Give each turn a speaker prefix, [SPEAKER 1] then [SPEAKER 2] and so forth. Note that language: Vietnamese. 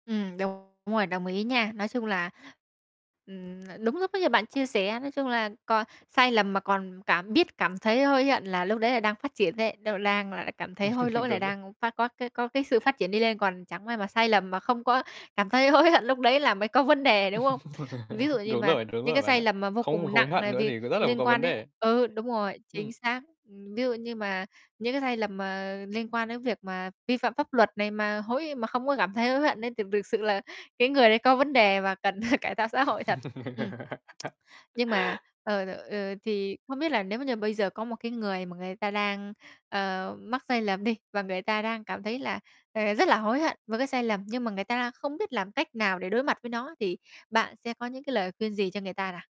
[SPEAKER 1] Ừm, đúng rồi, đồng ý nha. Nói chung là, ừm, là đúng lúc ấy như bạn chia sẻ, nói chung là cò sai lầm mà còn cảm biết cảm thấy hối hận là lúc đấy là đang phát triển ấy, đâu lang là cảm thấy hối lỗi là
[SPEAKER 2] Đúng rồi.
[SPEAKER 1] đang phát có cái có cái sự phát triển đi lên, còn chẳng may mà sai lầm mà không có cảm thấy hối hận lúc đấy là mới có vấn đề, đúng không? Ví dụ như
[SPEAKER 2] Đúng
[SPEAKER 1] mà
[SPEAKER 2] rồi, đúng
[SPEAKER 1] những
[SPEAKER 2] rồi
[SPEAKER 1] cái
[SPEAKER 2] bạn
[SPEAKER 1] sai
[SPEAKER 2] ạ.
[SPEAKER 1] lầm mà vô
[SPEAKER 2] Không
[SPEAKER 1] cùng
[SPEAKER 2] hối
[SPEAKER 1] nặng
[SPEAKER 2] hận
[SPEAKER 1] này
[SPEAKER 2] nữa
[SPEAKER 1] vì
[SPEAKER 2] thì có rất là
[SPEAKER 1] liên
[SPEAKER 2] có
[SPEAKER 1] quan
[SPEAKER 2] vấn
[SPEAKER 1] đến
[SPEAKER 2] đề.
[SPEAKER 1] ừ, đúng rồi, chính
[SPEAKER 2] Ừm.
[SPEAKER 1] xác ừm, ví dụ như mà những cái sai lầm mà liên quan đến việc mà vi phạm pháp luật này mà hối mà không có cảm thấy hối hận ấy thì thực sự là cái người đấy có vấn đề mà cần cải thạo xã hội thật. Ừm. Nhưng mà, ờ, t ờ, thì không biết là nếu mà như bây giờ có một cái người mà người ta đang, ờ, mắc sai lầm đi, và người ta đang cảm thấy là, ờ, rất là hối hận với cái sai lầm nhưng mà người ta đang không biết làm cách nào để đối mặt với nó thì bạn sẽ có những cái lời khuyên gì cho người ta nào?